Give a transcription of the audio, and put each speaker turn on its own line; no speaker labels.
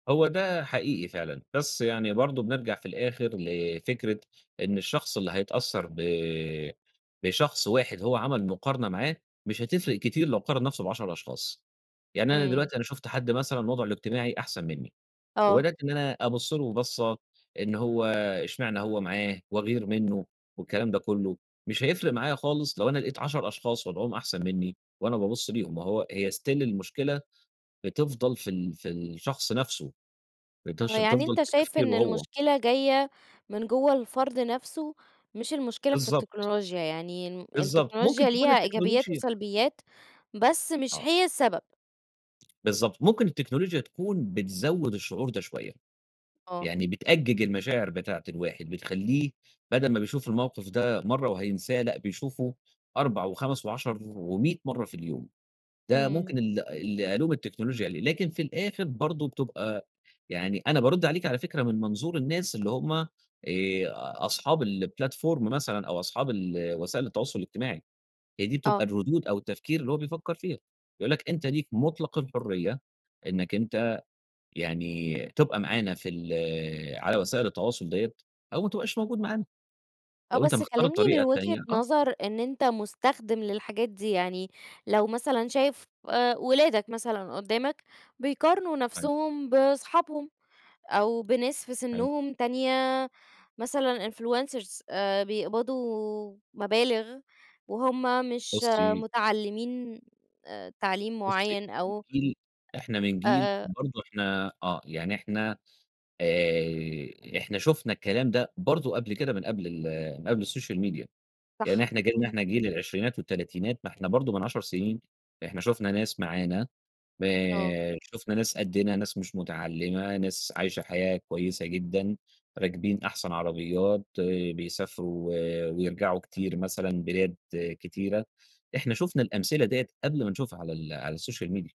هو ده حقيقي فعلًا. بس يعني برضه بنرجع في الآخر لفكرة إن الشخص اللي هيتأثّر ب بشخص واحد هو عمل مقارنة معاه، مش هتفرق كتير لو قارن نفسه ب10 أشخاص. يعني أنا
إمم.
دلوقتي أنا شُفت حد مثلًا وضعه الاجتماعي أحسن منّي،
آه.
وبدأت إن أنا أبُص له بصّة إن هو إشمعنى هو معاه؟ وأغير منّه والكلام ده كُلّه. مش هيفرق معايا خالص لو أنا لقيت 10 أشخاص وضعهم أحسن منّي وأنا بابُص ليهم. ما هو هي still المشكلة بتفضل في ال في الشخص نفسه،
آه،
بتش
يعني
بتفضل
أنت
في
شايف
تفكيره
إن
هو.
المشكلة جاية من جوّه الفرد نفسه مش المشكلة في
بالضبط.
التكنولوجيا، يعني الم
بالضبط. ممكن
التكنولوجيا
تكون
ليها إيجابيات
التكنولوجيا
وسلبيات بس مش
آه.
هي السبب.
بالضبط. ممكن التكنولوجيا تكون بتزوّد الشعور ده شوية.
آه.
يعني بتأجِّج المشاعر بتاعة الواحد بتخلّيه بَدَل ما بيشوف الموقف ده مرّة وهينساه لأ، بيشوفه 4 و5 و10 و100 مرّة في اليوم. ده
إمم.
ممكن ال اللي ألوم التكنولوجيا عليه. لكن في الآخر برضه بتبقى يعني أنا بارُد عليكِ على فكرة من منظور الناس اللي هم آآ أصحاب الplatform مثلًا أو أصحاب ال وسائل التواصل الاجتماعي. هي دي بتبقى
آه.
الردود أو التفكير اللي هو بيفكّر فيها، يقول لك أنت ليك مُطلَق الحرية إنّك أنت يعني تبقى معانا في ال على وسائل التواصل ديّة أو ما تبقاش موجود معانا.
آه.
لو أنت
بس
مختار
كلّمني من
الطريقة
وجهة
التانية، آه.
نظر إن أنت مُستخدِم للحاجات دي. يعني لو مثلًا شايف وأ ولادك مثلًا قدّامك بيقارنوا
أيوه.
نفسهم باصحابهم أو بناس في
حلو.
سِنّهم تانية مثلًا influencers آآ بيقبضوا مبالغ وهم مش
بُصّي
متعلّمين أ تعليم
بُصّي
معيّن
إحنا من
أو
جيل إحنا من
أ
جيل
آآ
برضه إحنا آه. يعني إحنا، آآ إحنا شُفنا الكلام ده برضه قبل كده من قبل ال من قبل السوشيال ميديا. يعني
صح،
إحنا جيلنا
إمم.
إحنا جيل العشرينات والتلاتينات ما إحنا برضه من 10 سنين إحنا شُفنا ناس معانا،
آه.
آآ شُفنا ناس قدِّنا، ناس مش متعلّمة، ناس عايشة حياة كويسة جدًا، راكبين أحسن عربيات، بيسافروا و ويرجعوا كتير مثلًا بلاد كتيرة. إحنا شُفنا الأمثلة ديّة قبل ما نشوفها على ال على السوشيال ميديا.